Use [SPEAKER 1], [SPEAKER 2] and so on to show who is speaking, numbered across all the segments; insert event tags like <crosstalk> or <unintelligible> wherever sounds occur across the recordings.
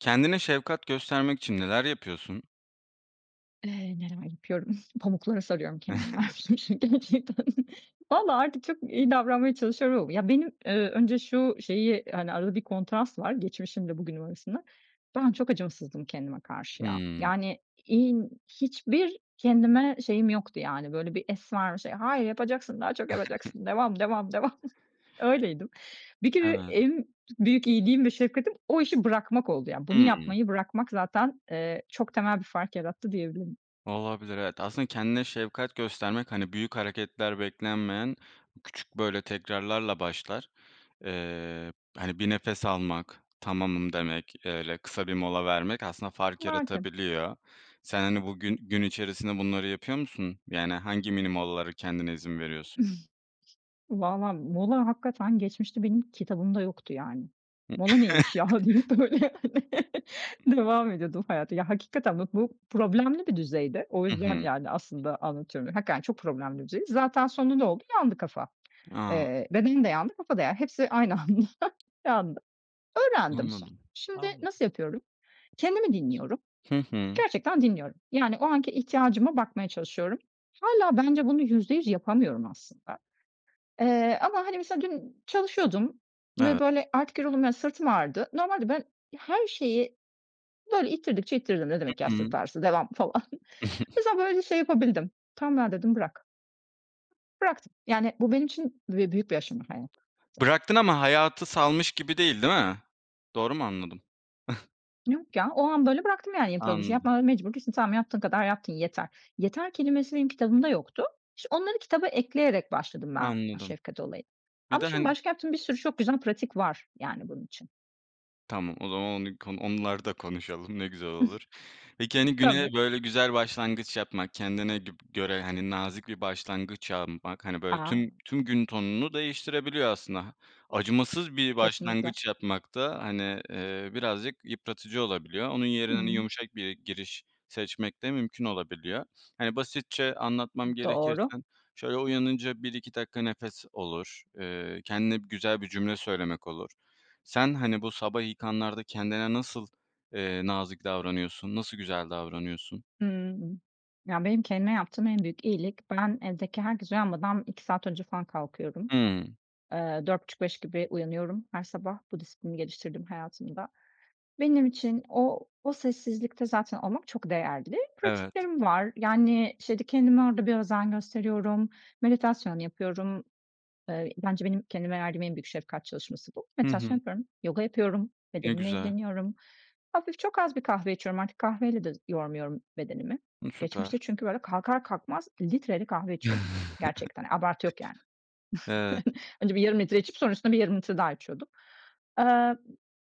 [SPEAKER 1] Kendine şefkat göstermek için neler yapıyorsun?
[SPEAKER 2] Eee, neler yapıyorum. "Pamuklara sarıyorum kendimi." dermişim şi
[SPEAKER 1] <giggles>
[SPEAKER 2] gerçekten. Vallaha artık çok iyi davranmaya çalışıyorum ama. Ya, benim, eee, önce şu şeyi, hani, arada bir kontrast var geçmişimle bugünüm arasında. Ben çok acımasızdım kendime karşı ya.
[SPEAKER 1] Hımm.
[SPEAKER 2] Yani, iii, n hiçbir kendime şeyim yoktu yani, böyle, bir es ver, bir şey. "Hayır yapacaksın daha çok
[SPEAKER 1] <giggles>
[SPEAKER 2] yapacaksın, devam, devam, devam." öyleydim. Bir kere
[SPEAKER 1] Evet.
[SPEAKER 2] en büyük iyiliğim ve şefkatim o işi bırakmak oldu yani bunu
[SPEAKER 1] Hımm.
[SPEAKER 2] yapmayı bırakmak zaten, eee, çok temel bir fark yarattı diyebilirim.
[SPEAKER 1] Olabilir, evet. Aslında kendine şefkat göstermek, hani, büyük hareketler beklenmeyen küçük, böyle, tekrarlarla başlar. Eee, hani, bir nefes almak, tamamım demek, öyle kısa bir mola vermek aslında fark
[SPEAKER 2] Belki.
[SPEAKER 1] yaratabiliyor. Sen, hani, bugün, gün içerisinde bunları yapıyor musun? Yani hangi mini molalara kendine izin veriyorsun?
[SPEAKER 2] <chuckles> Valla mola hakikaten geçmişte benim kitabımda yoktu yani.
[SPEAKER 1] I
[SPEAKER 2] "Mola neymiş ya!" diye böyle hani, <chuckles>
[SPEAKER 1] <chuckles>
[SPEAKER 2] devam ediyordum hayata. Ya, hakikaten bak bu problemli bir düzeydi, o
[SPEAKER 1] Hı
[SPEAKER 2] yüzden
[SPEAKER 1] hı.
[SPEAKER 2] yani aslında anlatıyorum hakikaten çok problemli bir düzeydi. Zaten sonunda ne oldu? Yandı kafa.
[SPEAKER 1] A!
[SPEAKER 2] Eee, bedenim de yandı, kafa da yani hepsi aynı anda yandı. Öğrendim sonra.
[SPEAKER 1] Anladım.
[SPEAKER 2] Şimdi
[SPEAKER 1] Anla
[SPEAKER 2] nasıl yapıyorum? Kendimi dinliyorum,
[SPEAKER 1] Hı hı.
[SPEAKER 2] gerçekten dinliyorum. Yani o anki ihtiyacıma bakmaya çalışıyorum. Hâlâ bence bunu %100 yapamıyorum aslında. Eee, ama hani mesela dün çalışıyordum ve,
[SPEAKER 1] Evet.
[SPEAKER 2] böyle, artık yoruldum, ya, sırtım ağrıdı. Normalde ben her şeyi böyle ittirdikçe ittiririm. "Ne
[SPEAKER 1] Hı
[SPEAKER 2] demek ya
[SPEAKER 1] hı.
[SPEAKER 2] sırt ağrısı, devam." falan. Mesela
[SPEAKER 1] <chuckles>
[SPEAKER 2] böyle şey yapabildim. "Tamam ya!" dedim, "Bırak." Bıraktım yani bu benim için be büyük bir aşama hani. <unintelligible>
[SPEAKER 1] Bıraktın ama hayatı salmış gibi değil, değil mi? Doğru mu anladım? <scoffs>
[SPEAKER 2] Yok ya, o an böyle bıraktım yani yaptığım işi.
[SPEAKER 1] Anladım.
[SPEAKER 2] Yapmaya mecbur değilsin, tamam yaptığın kadar yaptın yeter. "Yeter" kelimesi benim kitabımda yoktu. İşte, onları kitaba ekleyerek başladım ben
[SPEAKER 1] Anladım.
[SPEAKER 2] şefkat olayına.
[SPEAKER 1] Bir
[SPEAKER 2] Ama
[SPEAKER 1] de
[SPEAKER 2] şimdi
[SPEAKER 1] hani
[SPEAKER 2] başka yaptığım bir sürü çok güzel pratik var yani bunun için.
[SPEAKER 1] Tamam, o zaman onu k onları da konuşalım, ne güzel olur. Peki,
[SPEAKER 2] <chuckles>
[SPEAKER 1] hani,
[SPEAKER 2] Tabii.
[SPEAKER 1] güne böyle güzel başlangıç yapmak, kendine gib göre, hani, nazik bir başlangıç yapmak, hani, böyle
[SPEAKER 2] A!
[SPEAKER 1] tüm tüm gün tonunu değiştirebiliyor aslında. Ha, acımasız bir
[SPEAKER 2] Kesinlikle.
[SPEAKER 1] başlangıç yapmak da, hani, eee, birazcık yıpratıcı olabiliyor, onun yerine hani
[SPEAKER 2] Hıı.
[SPEAKER 1] yumuşak bir giriş seçmek de mümkün olabiliyor. Hani basitçe
[SPEAKER 2] I
[SPEAKER 1] anlatmam gerekirse,
[SPEAKER 2] doğru.
[SPEAKER 1] şöyle, uyanınca 1-2 dakika nefes olur, eee, kendine güzel bir cümle söylemek olur. Sen, hani, bu sabah ilk anlarda kendine nasıl, eee, nazik davranıyorsun, nasıl güzel davranıyorsun?
[SPEAKER 2] Hımm. Ya, benim kendime yaptığım en büyük iyilik, ben evdeki herkes uyanmadan 2 saat önce falan kalkıyorum.
[SPEAKER 1] Hımm.
[SPEAKER 2] Eee, 04.30-05.00 gibi uyanıyorum her sabah bu disiplini geliştirdim hayatımda. Benim için o o sessizlikte zaten olmak çok değerli.
[SPEAKER 1] Evet.
[SPEAKER 2] Pratiklerim var, yani, işte, kendime orada bir özen gösteriyorum, meditasyon yapıyorum, eee, bence benim kendime verdiğim en büyük şefkat çalışması bu.
[SPEAKER 1] Hı
[SPEAKER 2] Meditasyon
[SPEAKER 1] hı.
[SPEAKER 2] yapıyorum, yoga yapıyorum,
[SPEAKER 1] Ne
[SPEAKER 2] bedenimle
[SPEAKER 1] güzel.
[SPEAKER 2] ilgileniyorum. Hafif, çok az bir kahve içiyorum, artık kahveyle de yormuyorum bedenimi.
[SPEAKER 1] I
[SPEAKER 2] Geçmişte
[SPEAKER 1] süper.
[SPEAKER 2] çünkü böyle kalkar kalkmaz litreyle kahve içiyordum
[SPEAKER 1] <chuckles>
[SPEAKER 2] gerçekten, abartı yok yani.
[SPEAKER 1] Evet.
[SPEAKER 2] <chuckles> Önce bir yarım litre içip sonra üstüne bir yarım litre daha içiyordum. Eee,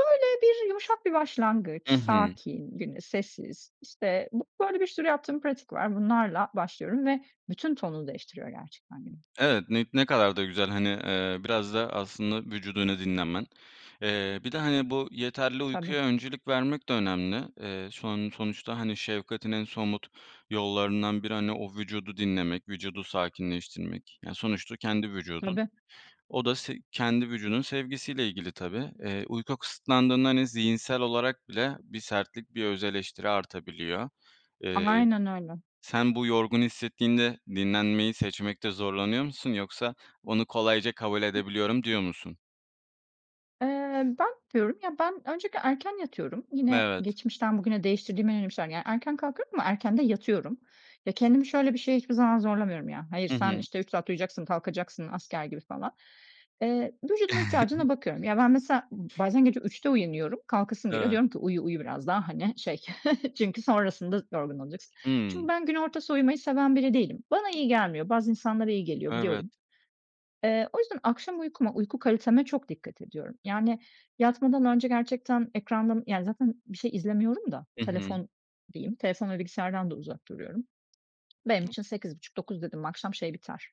[SPEAKER 2] böyle bir yumuşak bir başlangıç,
[SPEAKER 1] Hı hı.
[SPEAKER 2] sakin, güne sessiz, işte, bu böyle bir sürü yaptığım pratik var, bunlarla başlıyorum ve bütün tonunu değiştiriyor gerçekten günün.
[SPEAKER 1] Evet, ni ne kadar da güzel, hani, eee, biraz da aslında vücudunu dinlemen. Eee, bir de, hani, bu yeterli
[SPEAKER 2] Tabii.
[SPEAKER 1] uykuya öncelik vermek de önemli. Eee, son sonuçta, hani, şefkatin en somut yollarından biri, hani, o vücudu dinlemek, vücudu sakinleştirmek yani sonuçta kendi vücudun.
[SPEAKER 2] Tabii.
[SPEAKER 1] O da se kendi vücudunun sevgisiyle ilgili tabii. Eee, uyku kısıtlandığında, hani, zihinsel olarak bile bir sertlik, bir öz eleştiri artabiliyor. Eee,
[SPEAKER 2] Aynen öyle.
[SPEAKER 1] sen bu yorgun hissettiğinde dinlenmeyi seçmekte zorlanıyor musun yoksa "Onu kolayca kabul
[SPEAKER 2] I
[SPEAKER 1] edebiliyorum." diyor musun?
[SPEAKER 2] Eee, ben <unintelligible> ya, ben öncelikle erken yatıyorum, yine
[SPEAKER 1] Evet.
[SPEAKER 2] geçmişten bugüne değiştirdiğim en önemli şeyler. Yani erken kalkıyorum, ama erken de yatıyorum. Ya, kendimi şöyle bir şey hiçbir zaman zorlamıyorum ya, "Hayır,
[SPEAKER 1] Hı
[SPEAKER 2] sen,
[SPEAKER 1] hı.
[SPEAKER 2] işte, 3 saat uyuyacaksın, kalkacaksın." asker gibi falan. Eee, vücudumun ihtiyacına bakıyorum. Ya, ben mesela b
[SPEAKER 1] <chuckles>
[SPEAKER 2] bazen gece 03:00'da uyanıyorum, kalkasım geliyor.
[SPEAKER 1] Eve
[SPEAKER 2] Diyorum ki, uyu, uyu biraz daha, hani, şey, <chuckles> çünkü sonrasında yorgun olacaksın. Çünkü
[SPEAKER 1] Hımm.
[SPEAKER 2] ben gün ortası uyumayı seven biri değilim. Bana iyi gelmiyor. Bazı insanlara iyi geliyor,
[SPEAKER 1] Evet.
[SPEAKER 2] biliyorum. Eee, o yüzden akşam uykuma, uyku kaliteme çok dikkat ediyorum. Yani yatmadan önce gerçekten ekrandan, yani zaten bir şey izlemiyorum da,
[SPEAKER 1] Hı hı.
[SPEAKER 2] telefon diyeyim, telefon ve bilgisayardan da uzak duruyorum. Benim için 20:30-21:00 dedin mi, akşam şey biter,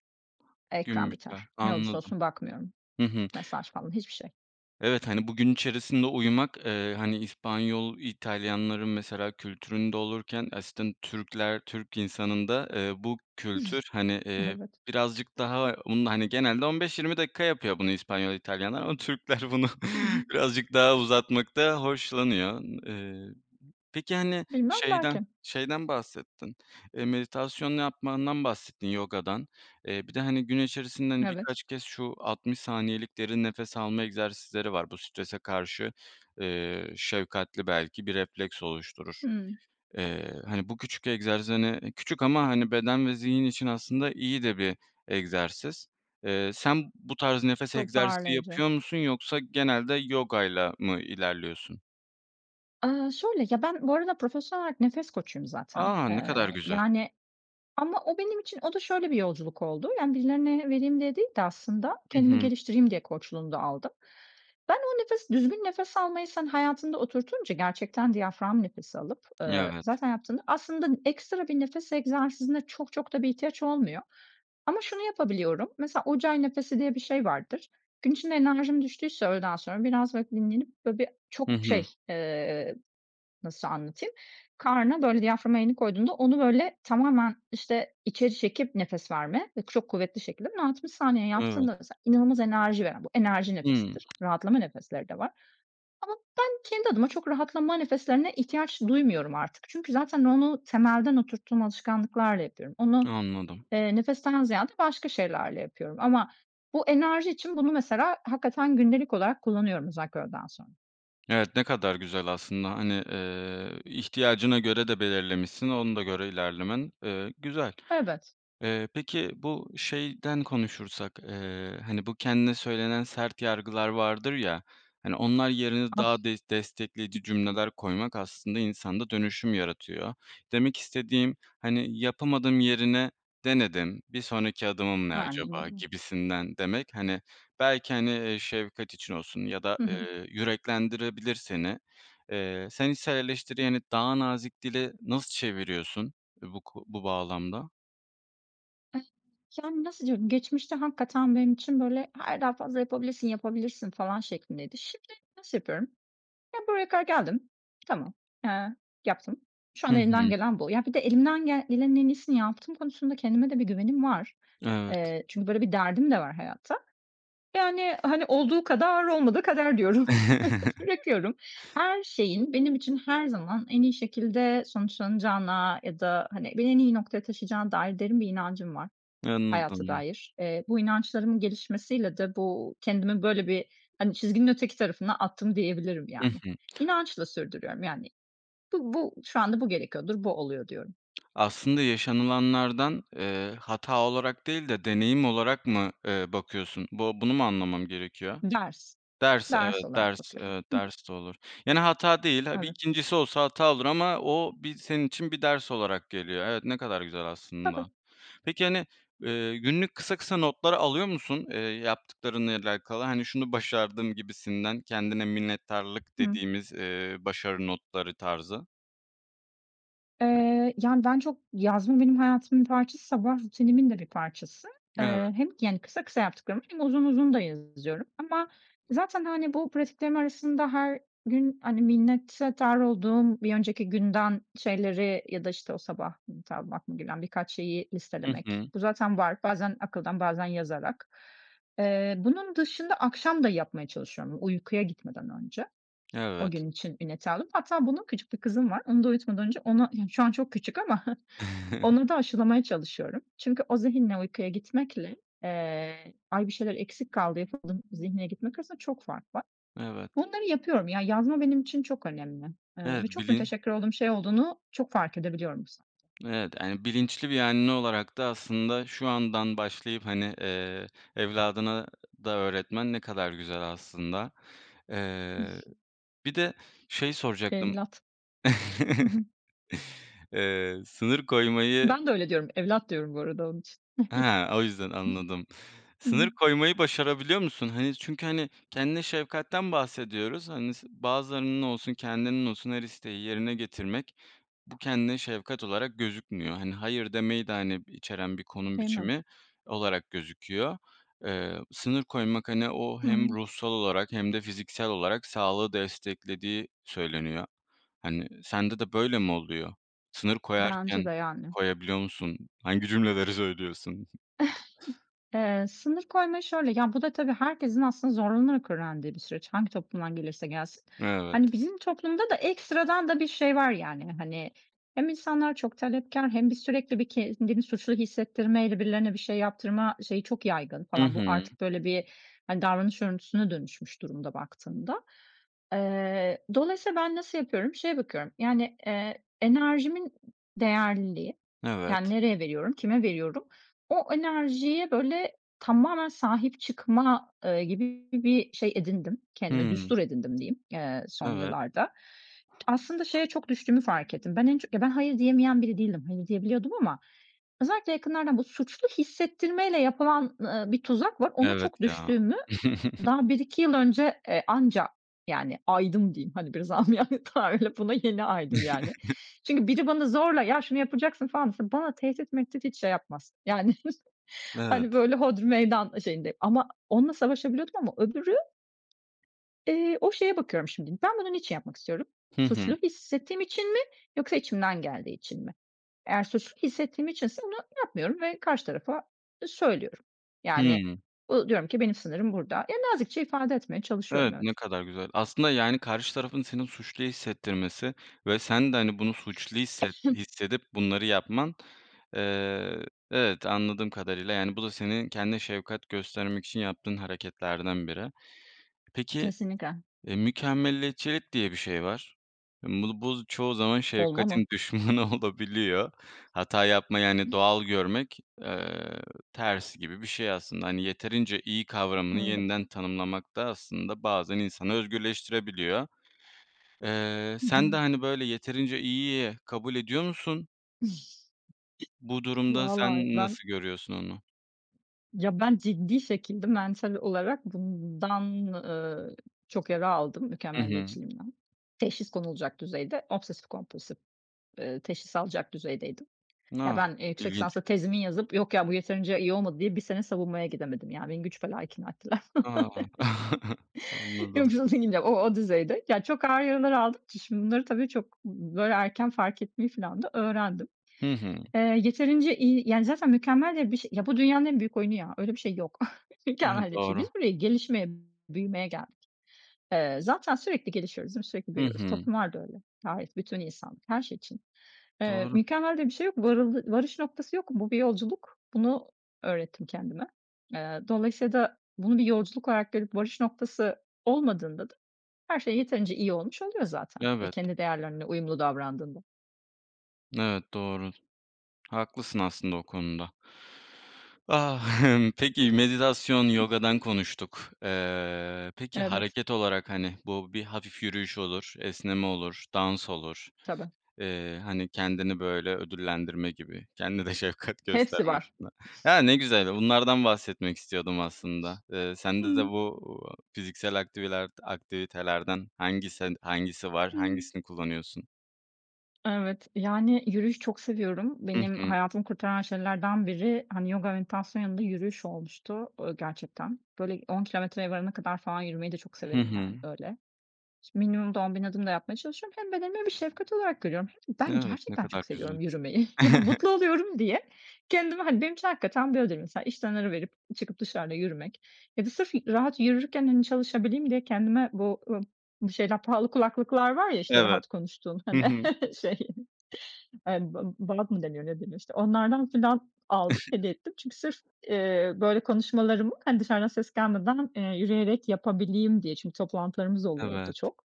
[SPEAKER 1] Gün
[SPEAKER 2] ekran
[SPEAKER 1] biter,
[SPEAKER 2] biter. Ne olursa
[SPEAKER 1] anladım.
[SPEAKER 2] olsun bakmıyorum.
[SPEAKER 1] Hı hı.
[SPEAKER 2] Mesaj falan, hiçbir şey.
[SPEAKER 1] Evet, hani, bu gün içerisinde uyumak, eee, hani, İspanyol, İtalyanların mesela kültüründe olurken, <unintelligible> Türkler, Türk insanında, eee, bu kültür,
[SPEAKER 2] <chuckles>
[SPEAKER 1] hani, eee,
[SPEAKER 2] Evet.
[SPEAKER 1] birazcık daha bunu, hani, genelde 15-20 dakika yapıyor bunu İspanyol, İtalyanlar, ama Türkler bunu
[SPEAKER 2] Hı hı.
[SPEAKER 1] birazcık daha uzatmaktan hoşlanıyor. Eee, peki, hani
[SPEAKER 2] Bilmem,
[SPEAKER 1] şeyden
[SPEAKER 2] belki.
[SPEAKER 1] şeyden bahsettin, eee, meditasyon yapmandan bahsettin, yogadan. Eee, bir de, hani, gün içerisinde, hani,
[SPEAKER 2] Evet.
[SPEAKER 1] birkaç kez şu 60 saniyelik derin nefes alma egzersizleri var, bu strese karşı, eee, şefkatli belki bir refleks oluşturur.
[SPEAKER 2] Hımm.
[SPEAKER 1] Eee, hani bu küçük egzersiz, hani, küçük ama, hani, beden ve zihin için aslında iyi de bir egzersiz. Eee, sen bu tarz nefes egzersizi
[SPEAKER 2] Toparlayıcı.
[SPEAKER 1] yapıyor musun, yoksa genelde yogayla mı ilerliyorsun?
[SPEAKER 2] Aaa, şöyle: Ya, ben bu arada profesyonel olarak nefes koçuyum zaten.
[SPEAKER 1] A! Ne kadar
[SPEAKER 2] Eee,
[SPEAKER 1] güzel.
[SPEAKER 2] yani, ama o benim için o da şöyle bir yolculuk oldu, yani, birilerine vereyim diye değil de aslında
[SPEAKER 1] Hı
[SPEAKER 2] kendimi
[SPEAKER 1] hı.
[SPEAKER 2] geliştireyim diye koçluğunu da aldım. Ben o nefes düzgün nefes almayı sen hayatında oturtunca gerçekten diyafram nefesi alıp, eee,
[SPEAKER 1] Evet.
[SPEAKER 2] zaten yaptığında aslında ekstra bir nefes egzersizine çok çok da bir ihtiyaç olmuyor ama şunu yapabiliyorum. Mesela Ujjayi Nefesi diye bir şey vardır. Gün içinde enerjim düştüyse öğleden sonra biraz, böyle, dinlenip, böyle, birçok
[SPEAKER 1] Hı hı.
[SPEAKER 2] şey, eee, nasıl anlatayım, karna, böyle, diyaframa elini koyduğunda onu, böyle, tamamen, işte, içeri çekip nefes verme ve çok kuvvetli şekilde. Bunu 60 saniye
[SPEAKER 1] Evet.
[SPEAKER 2] yaptığında mesela inanılmaz enerji veren, bu enerji
[SPEAKER 1] Hıı.
[SPEAKER 2] nefesidir; rahatlama nefesleri de var. Ama ben kendi adıma çok rahatlama nefeslerine ihtiyaç duymuyorum artık. Çünkü zaten onu temelden oturttuğum alışkanlıklarla yapıyorum. Onu,
[SPEAKER 1] Anladım.
[SPEAKER 2] eee, nefesten ziyade başka şeylerle yapıyorum ama bu enerji için bunu mesela hakikaten gündelik olarak kullanıyorum özellikle öğleden sonra.
[SPEAKER 1] Evet, ne kadar güzel aslında. Hani, eee, ihtiyacına göre de belirlemişsin, ona da göre ilerlemen, eee, güzel.
[SPEAKER 2] Evet.
[SPEAKER 1] Eee, peki, bu şeyden konuşursak, eee, hani, bu kendine söylenen sert yargılar vardır ya, hani, onlar yerine
[SPEAKER 2] Ah.
[SPEAKER 1] daha des destekleyici cümleler koymak aslında insanda dönüşüm yaratıyor. Demek istediğim, hani, yapamadım yerine denedim, bir sonraki adımım ne acaba
[SPEAKER 2] <unintelligible>
[SPEAKER 1] gibisinden demek, hani, belki, hani, eee, şefkat için olsun ya da,
[SPEAKER 2] Hı hı.
[SPEAKER 1] eee, yüreklendirebilir seni. Eee, sen içsel eleştirilerini daha nazik dile nasıl çeviriyorsun bu ko bu bağlamda?
[SPEAKER 2] Yani nasıl diyorum, geçmişte hakikaten benim için böyle, "Hayır, daha fazla yapabilirsin, yapabilirsin," falan şeklindeydi. Şimdi nasıl yapıyorum? Ya, buraya kadar geldim, tamam, eee, yaptım. Şu
[SPEAKER 1] Hı
[SPEAKER 2] an elimden
[SPEAKER 1] hı.
[SPEAKER 2] gelen bu. Ya, bir de elimden gel gelenin en iyisini yaptığım konusunda kendime de bir güvenim var.
[SPEAKER 1] Evet.
[SPEAKER 2] Eee, çünkü böyle bir derdim de var hayatta. Yani hani, "Olduğu kadar olmadığı kader," diyorum, <chuckles>
[SPEAKER 1] <chuckles>
[SPEAKER 2] bırakıyorum. Her şeyin benim için her zaman en iyi şekilde sonuçlanacağına ya da hani, beni en iyi noktaya taşıyacağına dair derin bir inancım var hayata
[SPEAKER 1] Anladım.
[SPEAKER 2] dair. Eee, bu inançlarımın gelişmesiyle de bu kendimi böyle bir, hani, çizginin öteki tarafına attım diyebilirim
[SPEAKER 1] Hı
[SPEAKER 2] yani.
[SPEAKER 1] hı.
[SPEAKER 2] İnançla sürdürüyorum yani, "Bu bu şu anda bu gerekiyordur, bu oluyor," diyorum
[SPEAKER 1] Aslında yaşanılanlardan, eee, hata olarak değil de deneyim olarak mı, eee, bakıyorsun? Bu bunu mu anlamam gerekiyor?
[SPEAKER 2] Ders,
[SPEAKER 1] Ders,
[SPEAKER 2] ders
[SPEAKER 1] evet,
[SPEAKER 2] olarak
[SPEAKER 1] ders,
[SPEAKER 2] bakıyorum. Hı hı.
[SPEAKER 1] ders de olur. Yani hata değil, ha, bir
[SPEAKER 2] Evet.
[SPEAKER 1] 2' ncisi olsa hata olur ama o bir senin için bir ders olarak geliyor. Evet, ne kadar güzel
[SPEAKER 2] Tabii.
[SPEAKER 1] aslında. Peki hani, eee, günlük kısa kısa notlar alıyor musun, eee, yaptıklarınla alakalı? Hani, "Şunu başardım," gibisinden kendine minnettarlık
[SPEAKER 2] Hıı.
[SPEAKER 1] dediğimiz, eee, başarı notları tarzı.
[SPEAKER 2] Eee, yani, ben çok yazma, benim hayatımın bir parçası, sabah rutinimin de bir parçası.
[SPEAKER 1] Evet.
[SPEAKER 2] Eee, hem, yani, kısa kısa yaptıklarımı hem uzun uzun da yazıyorum ama zaten, hani, bu pratiklerim arasında her gün, hani, minnettar olduğum bir önceki günden şeyleri ya da, işte, o sabah <unintelligible> aklıma gelen birkaç şeyi
[SPEAKER 1] Hı
[SPEAKER 2] listelemek.
[SPEAKER 1] hı.
[SPEAKER 2] Bu zaten var, bazen akıldan, bazen yazarak. Eee, bunun dışında akşam da yapmaya çalışıyorum uykuya gitmeden önce, o
[SPEAKER 1] Evet.
[SPEAKER 2] gün için minnettar olup. Hatta bunu küçük bir kızım var, onu da uyutmadan önce ona, yani, şu an çok küçük ama, <chuckles>
[SPEAKER 1] <chuckles>
[SPEAKER 2] ona da aşılamaya çalışıyorum. Çünkü o zihinle uykuya gitmekle, eee, ay bir şeyler eksik kaldı yapamadım zihniyle gitmek arasında çok fark var.
[SPEAKER 1] Evet.
[SPEAKER 2] Bunları yapıyorum, ya, yazma benim için çok önemli, eee,
[SPEAKER 1] Evet,
[SPEAKER 2] ve çok
[SPEAKER 1] bili
[SPEAKER 2] müteşekkir olduğum şey olduğunu çok fark edebiliyorum bu sayede.
[SPEAKER 1] Evet, yani, bilinçli bir anne olarak da aslında şu andan başlayıp, hani, eee, evladına da öğretmen ne kadar güzel aslında. Eee,
[SPEAKER 2] <chuckles>
[SPEAKER 1] bir de şey soracaktım.
[SPEAKER 2] Evlat. Hı
[SPEAKER 1] <chuckles>
[SPEAKER 2] hı.
[SPEAKER 1] Eee, sınır koymayı
[SPEAKER 2] Ben de öyle diyorum, evlat diyorum bu arada onun için.
[SPEAKER 1] He, o yüzden anladım.
[SPEAKER 2] <chuckles>
[SPEAKER 1] Sınır
[SPEAKER 2] Hımm.
[SPEAKER 1] koymayı başarabiliyor musun? Hani, çünkü, hani, kendine şefkatten bahsediyoruz, hani, s bazılarının olsun, kendinin olsun her isteği yerine getirmek bu kendine şefkat olarak gözükmüyor. Hani, hayır demeyi de, hani, içeren bir konum
[SPEAKER 2] Değil mi?
[SPEAKER 1] biçimi olarak gözüküyor. Eee, sınır koymak, hani, o
[SPEAKER 2] Hı hı.
[SPEAKER 1] hem ruhsal olarak hem de fiziksel olarak sağlığı desteklediği söyleniyor. Hani, sende de böyle mi oluyor? Sınır
[SPEAKER 2] Bence
[SPEAKER 1] koyarken
[SPEAKER 2] de, yani.
[SPEAKER 1] koyabiliyor musun? Hangi cümleleri söylüyorsun? <chuckles>
[SPEAKER 2] <chuckles> Eee, sınır koymayı şöyle, ya, bu da, tabii, herkesin aslında zorlanarak öğrendiği bir süreç. Hangi toplumdan gelirse gelsin. Hani
[SPEAKER 1] Evet.
[SPEAKER 2] bizim toplumda da ekstradan da bir şey var, yani. Hani hem insanlar çok talepkâr hem bir sürekli bir kendini suçlu hissettirmeyle birilerine bir şey yaptırma şeyi çok yaygın
[SPEAKER 1] Hı
[SPEAKER 2] falan. Bu
[SPEAKER 1] hı.
[SPEAKER 2] artık, böyle, bir hani davranış örüntüsüne dönüşmüş durumda, baktığında. Eee, dolayısıyla ben nasıl yapıyorum? Şeye bakıyorum, yani, eee, enerjimin değerliliği, yani,
[SPEAKER 1] Evet.
[SPEAKER 2] nereye veriyorum, kime veriyorum, o enerjiye, böyle, tamamen sahip çıkma, eee, gibi bir şey edindim, kendime
[SPEAKER 1] Hımm.
[SPEAKER 2] düstur edindim diyeyim, eee, son
[SPEAKER 1] Evet.
[SPEAKER 2] yıllarda. Aslında şeye çok düştüğümü fark ettim. Ben en çok, ya ben hayır diyemeyen biri değilim, hayır diyebiliyordum ama özellikle yakınlardan bu suçlu hissettirmeyle yapılan, ııı, bir tuzak var, ona
[SPEAKER 1] Evet,
[SPEAKER 2] çok
[SPEAKER 1] ya.
[SPEAKER 2] düştüğümü daha 1-2 yıl
[SPEAKER 1] <chuckles>
[SPEAKER 2] önce, e, anca, yani, aydım diyeyim, hani, biraz âmiyane tabirle, buna yeni aydım, yani. Çünkü
[SPEAKER 1] <chuckles>
[SPEAKER 2] biri bana zorla ya şunu yapacaksın falan dese, bana tehdit mehtit hiç şey yapmaz, yani, <chuckles> hani,
[SPEAKER 1] Evet.
[SPEAKER 2] böyle, hodri meydan şeyindeyim ama onunla savaşabiliyordum ama öbürü. Eee, o şeye bakıyorum şimdi. Ben bunu niçin yapmak istiyorum?
[SPEAKER 1] Hı
[SPEAKER 2] Suçlu
[SPEAKER 1] hı.
[SPEAKER 2] hissettiğim için mi yoksa içimden geldiği için mi? Eğer suçlu hissettiğim içinse bunu yapmıyorum ve karşı tarafa, ııı, söylüyorum. Yani,
[SPEAKER 1] Hımm.
[SPEAKER 2] bu diyorum ki benim sınırım burada. Ya, nazikçe ifade etmeye çalışıyorum,
[SPEAKER 1] Evet,
[SPEAKER 2] evet.
[SPEAKER 1] ne kadar güzel. Aslında, yani, karşı tarafın seni suçlu hissettirmesi ve sen de, hani, bunu suçlu hisset
[SPEAKER 2] <sneezes>
[SPEAKER 1] hissedip bunları yapman, eee, evet, anladığım kadarıyla, yani, bu da senin kendine şefkat göstermek için yaptığın hareketlerden biri. Peki,
[SPEAKER 2] Kesinlikle.
[SPEAKER 1] eee, mükemmeliyetçilik diye bir şey var. Hımm, bu bu z çoğu zaman
[SPEAKER 2] Olmaz mı?
[SPEAKER 1] şefkatin düşmanı olabiliyor. Hata yapmayı, hani,
[SPEAKER 2] <chuckles>
[SPEAKER 1] doğal görmek, eee, ters gibi bir şey aslında. Hani, yeterince iyi kavramını
[SPEAKER 2] Evet.
[SPEAKER 1] yeniden tanımlamak da aslında bazen insanı özgürleştirebiliyor. Eee,
[SPEAKER 2] Hı
[SPEAKER 1] sen
[SPEAKER 2] hı.
[SPEAKER 1] de, hani, böyle, yeterince iyiyi kabul ediyor musun? Bu
[SPEAKER 2] <chuckles>
[SPEAKER 1] durumda
[SPEAKER 2] Vallahi
[SPEAKER 1] sen
[SPEAKER 2] ben
[SPEAKER 1] nasıl görüyorsun onu?
[SPEAKER 2] Ya, ben ciddi şekilde mental olarak bundan, ııı, çok yara aldım,
[SPEAKER 1] Hı hı.
[SPEAKER 2] mükemmeliyetçiliğimden. Teşhis konulacak düzeyde, obsesif kompulsif, eee, teşhis alacak düzeydeydim.
[SPEAKER 1] N
[SPEAKER 2] Ya,
[SPEAKER 1] a,
[SPEAKER 2] ben, eee, yüksek
[SPEAKER 1] ilginç!
[SPEAKER 2] lisansta tezimi yazıp, "Yok ya bu yeterince iyi olmadı." diye 1 sene savunmaya gidemedim. Ya, beni güç bela ikna ettiler. <chuckles>
[SPEAKER 1] A! <chuckles>
[SPEAKER 2] Yok
[SPEAKER 1] Anladım.
[SPEAKER 2] canım, <unintelligible> o o düzeyde. Ya, çok ağır yaralar aldığım için, şimdi bunları tabii çok, b b böyle, erken fark etmeyi falan da öğrendim.
[SPEAKER 1] Hı hı.
[SPEAKER 2] Eee, yeterince iyi, yani, zaten mükemmel diye bir şe ya bu dünyanın en büyük oyunu ya, öyle bir şey yok. <chuckles>
[SPEAKER 1] Evet,
[SPEAKER 2] Mükemmel diye bir şey.
[SPEAKER 1] doğru.
[SPEAKER 2] Biz burayı gelişmeye, büyümeye geldik. Eee, zaten sürekli gelişiyoruz değil mi, sürekli
[SPEAKER 1] Hı
[SPEAKER 2] büyüyoruz.
[SPEAKER 1] hı.
[SPEAKER 2] Toplumlar da öyle, gayet bütün insanlık, her şey için. Eee,
[SPEAKER 1] Doğru.
[SPEAKER 2] mükemmel diye bir şey yok, varıldı varış noktası yok, bu bir yolculuk. Bunu öğrettim kendime. Eee, dolayısıyla da bunun bir yolculuk olarak görüp varış noktası olmadığında da her şey yeterince iyi olmuş oluyor zaten ve
[SPEAKER 1] Evet.
[SPEAKER 2] kendi değerlerinle uyumlu davrandığında.
[SPEAKER 1] Evet, doğru. Haklısın aslında o konuda. Ah <chuckles> peki meditasyon, yogadan konuştuk. Eee, peki,
[SPEAKER 2] Evet.
[SPEAKER 1] hareket olarak, hani, bu bir hafif yürüyüş olur, esneme olur, dans olur,
[SPEAKER 2] Tabii.
[SPEAKER 1] eee, hani, kendini, böyle, ödüllendirme gibi kendini de şefkat
[SPEAKER 2] Hepsi
[SPEAKER 1] gösterme
[SPEAKER 2] var.
[SPEAKER 1] açısından. Ya, ne güzel,
[SPEAKER 2] <chuckles>
[SPEAKER 1] bunlardan bahsetmek istiyordum aslında. Eee, sende de
[SPEAKER 2] Hımm.
[SPEAKER 1] bu, uuu, fiziksel aktivilerd aktivitelerden hangisi d hangisi var,
[SPEAKER 2] Hımm.
[SPEAKER 1] hangisini kullanıyorsun?
[SPEAKER 2] Evet, yani, yürüyüş çok seviyorum.
[SPEAKER 1] Hı
[SPEAKER 2] Benim
[SPEAKER 1] hı.
[SPEAKER 2] hayatımı kurtaran şeylerden biri, hani, yoga, meditasyonun yanında yürüyüş olmuştu, ııı, gerçekten. Böyle, 10 kilometreye varana kadar falan yürümeyi de çok
[SPEAKER 1] Hı
[SPEAKER 2] severim, yani,
[SPEAKER 1] hı.
[SPEAKER 2] öyle. Ş minimum da 10 bin adım da yapmaya çalışıyorum hem bedenime bir şefkat olarak görüyorum hem ben
[SPEAKER 1] Evet, ne
[SPEAKER 2] gerçekten
[SPEAKER 1] kadar
[SPEAKER 2] çok
[SPEAKER 1] güzel.
[SPEAKER 2] seviyorum yürümeyi. Ya,
[SPEAKER 1] <chuckles>
[SPEAKER 2] mutlu oluyorum diye kendime, hani, benim için hakikaten böyledir mesela. İşten ara verip, çıkıp dışarıda yürümek ya da sırf, ııı, rahat yürürken, hani, çalışabileyim diye kendime bu, ııı, bu şeyler pahalı kulaklıklar var ya, işte,
[SPEAKER 1] Evet,
[SPEAKER 2] rahat konuştuğun,
[SPEAKER 1] hı
[SPEAKER 2] hani,
[SPEAKER 1] hı.
[SPEAKER 2] <chuckles> şey, eee, bı <unintelligible> mı deniyor ne deniyor işte onlardan falan aldım hediye ettim çünkü sırf,
[SPEAKER 1] <chuckles>
[SPEAKER 2] ııı, böyle, konuşmalarımı, hani, dışarıdan ses gelmeden, eee, yürüyerek yapabileyim diye. Çünkü toplantılarımız oluyor o da
[SPEAKER 1] Evet.
[SPEAKER 2] çok.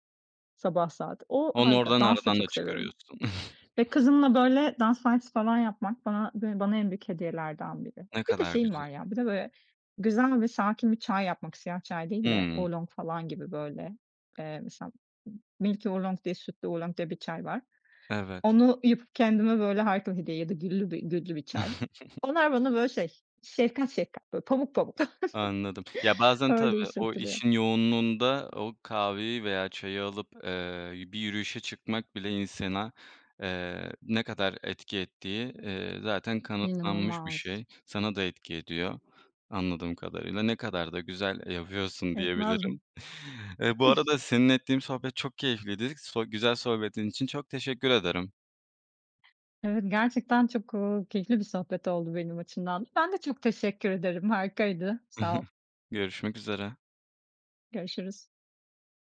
[SPEAKER 2] Sabah saat. O,
[SPEAKER 1] Onu
[SPEAKER 2] harika,
[SPEAKER 1] oradan
[SPEAKER 2] dans da
[SPEAKER 1] aradan da
[SPEAKER 2] çok seviyorum
[SPEAKER 1] çıkarıyorsun.
[SPEAKER 2] ve
[SPEAKER 1] <chuckles>
[SPEAKER 2] kızımla, böyle, dans dersi falan yapmak bana bı bana en büyük hediyelerden biri.
[SPEAKER 1] Ne
[SPEAKER 2] Bir de
[SPEAKER 1] kadar
[SPEAKER 2] şeyim var
[SPEAKER 1] güzel.
[SPEAKER 2] ya, bir de böyle güzel ve sakin bir çay yapmak, siyah çay değil de,
[SPEAKER 1] Hımm.
[SPEAKER 2] Oolong falan gibi böyle, eee, mesela m Milky Oolong diye Sütlü Oolong diye bir çay var.
[SPEAKER 1] Evet.
[SPEAKER 2] Onu yapıp kendime, böyle, harika hediye ya da güllü bi güllü bir çay.
[SPEAKER 1] <chuckles>
[SPEAKER 2] Onlar bana böyle şey şefkat şefkat, böyle, pamuk pamuk.
[SPEAKER 1] Anladım. Ya,
[SPEAKER 2] <chuckles>
[SPEAKER 1] bazen tabii
[SPEAKER 2] Öyle iş
[SPEAKER 1] o
[SPEAKER 2] yaptırıyor.
[SPEAKER 1] işin yoğunluğunda o kahveyi veya çayı alıp, eee, bir yürüyüşe çıkmak bile insana, eee, ne kadar etki ettiği, iii, zaten kanıtlanmış bir
[SPEAKER 2] İnanılmaz.
[SPEAKER 1] şey. Sana da etki ediyor anladığım kadarıyla. Ne kadar da güzel yapıyorsun
[SPEAKER 2] Etmez mi!
[SPEAKER 1] diyebilirim.
[SPEAKER 2] <chuckles>
[SPEAKER 1] Eee, bu arada seninle ettiğim sohbet çok keyifliydi sı güzel sohbetin için çok teşekkür ederim.
[SPEAKER 2] Evet, gerçekten çok, ııı, keyifli bir sohbet oldu benim açımdan. Ben de çok teşekkür ederim. Harikaydı. Sağ ol.
[SPEAKER 1] <chuckles> Görüşmek üzere.
[SPEAKER 2] Görüşürüz.